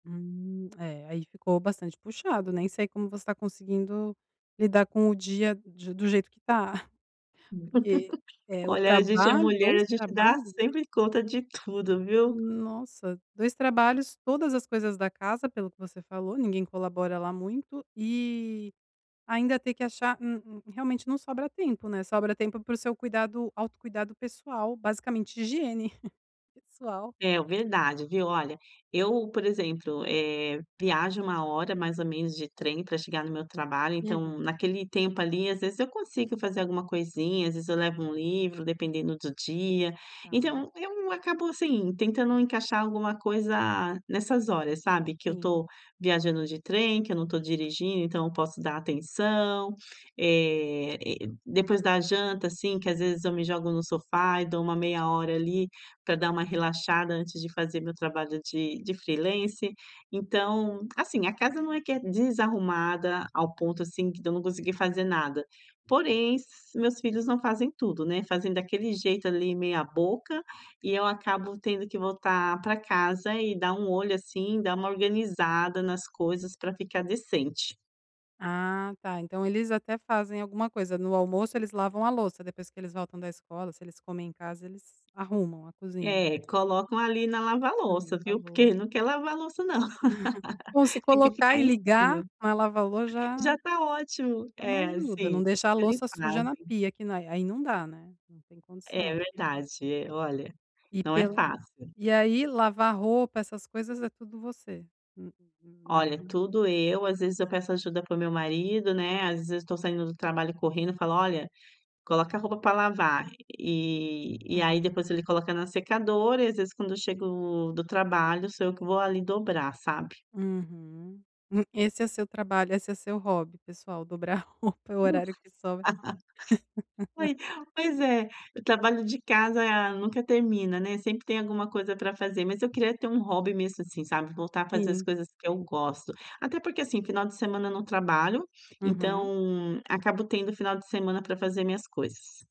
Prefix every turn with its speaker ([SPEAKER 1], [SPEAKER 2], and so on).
[SPEAKER 1] Hum. É, aí ficou bastante puxado, nem sei como você tá conseguindo lidar com o dia de do jeito que tá, porque, eh, o
[SPEAKER 2] Olha, a gente é
[SPEAKER 1] trabalho
[SPEAKER 2] mulher,
[SPEAKER 1] 2
[SPEAKER 2] a gente dá
[SPEAKER 1] trabalhos.
[SPEAKER 2] sempre conta de tudo, viu.
[SPEAKER 1] Nossa, 2 trabalhos, todas as coisas da casa, pelo que você falou, ninguém colabora lá muito, e ainda ter que achar um um realmente não sobra tempo, né, sobra tempo para o seu cuidado autocuidado pessoal, basicamente higiene pessoal.
[SPEAKER 2] É, o verdade, viu. Olha, eu, por exemplo, eh, viajo 1 hora mais ou menos de trem pra chegar no meu trabalho, então
[SPEAKER 1] Uhum.
[SPEAKER 2] naquele tempo ali às vezes eu consigo fazer alguma coisinha, às vezes eu levo um livro, dependendo do dia.
[SPEAKER 1] Tá.
[SPEAKER 2] Então, eu acabo, assim, tentando encaixar alguma coisa nessas horas, sabe, que eu
[SPEAKER 1] Sim.
[SPEAKER 2] tô viajando de trem, que eu não tô dirigindo, então eu posso dar atenção. Eh, e depois da janta, assim, que às vezes eu me jogo no sofá e dou uma meia hora ali para dar uma relaxada antes de fazer meu trabalho de de freelancer. Então, assim, a casa não é que é desarrumada ao ponto assim que de eu não consegui fazer nada. Porém, s meus filhos não fazem tudo, né, fazem daquele jeito ali meia boca e eu acabo tendo que voltar pra casa e dar um olho, assim, dar uma organizada nas coisas pra ficar decente.
[SPEAKER 1] Ah, tá. Então, eles até fazem alguma coisa no almoço. Eles lavam a louça, depois que eles voltam da escola, se eles comem em casa, eles arrumam a cozinha.
[SPEAKER 2] É, colocam ali na lavar
[SPEAKER 1] É,
[SPEAKER 2] louça, viu, porque ele
[SPEAKER 1] lavou
[SPEAKER 2] não quer lavar louça não.
[SPEAKER 1] Bom, se
[SPEAKER 2] Tem que
[SPEAKER 1] colocar
[SPEAKER 2] ficar
[SPEAKER 1] e
[SPEAKER 2] em
[SPEAKER 1] ligar,
[SPEAKER 2] cima.
[SPEAKER 1] a lava-lo
[SPEAKER 2] Já
[SPEAKER 1] já
[SPEAKER 2] tá ótimo.
[SPEAKER 1] é uma
[SPEAKER 2] É,
[SPEAKER 1] ajuda.
[SPEAKER 2] sim,
[SPEAKER 1] Não deixa a
[SPEAKER 2] eles
[SPEAKER 1] louça suja na
[SPEAKER 2] fazem.
[SPEAKER 1] pia que na aí não dá, né? Não tem
[SPEAKER 2] É,
[SPEAKER 1] condição.
[SPEAKER 2] verdade, é. Olha,
[SPEAKER 1] E
[SPEAKER 2] não é
[SPEAKER 1] pela
[SPEAKER 2] fácil.
[SPEAKER 1] e aí lavar roupa essas coisas é tudo você? Uhum, na ca
[SPEAKER 2] Olha, tudo eu. Às vezes eu peço ajuda para o meu marido, né? Às vezes eu tô saindo do trabalho correndo, eu falo: "Olha, coloca roupa pra lavar". E e aí,
[SPEAKER 1] Uhum.
[SPEAKER 2] depois ele coloca na secadora e, às vezes, quando eu chego do trabalho, sou eu que vou ali dobrar, sabe.
[SPEAKER 1] Uhum. E esse é seu trabalho esse é seu hobby pessoal, dobrar roupa no
[SPEAKER 2] [unintelligible]
[SPEAKER 1] horário que sobra.
[SPEAKER 2] Foi, pois é, o trabalho de casa nunca termina, né, sempre tem alguma coisa pra fazer. Mas eu queria ter um hobby mesmo, assim, sabe, voltar a fazer as
[SPEAKER 1] Sim.
[SPEAKER 2] coisas que eu gosto. Até porque, assim, final de semana eu não trabalho,
[SPEAKER 1] Uhum.
[SPEAKER 2] então acabo tendo final de semana pra fazer minhas coisas.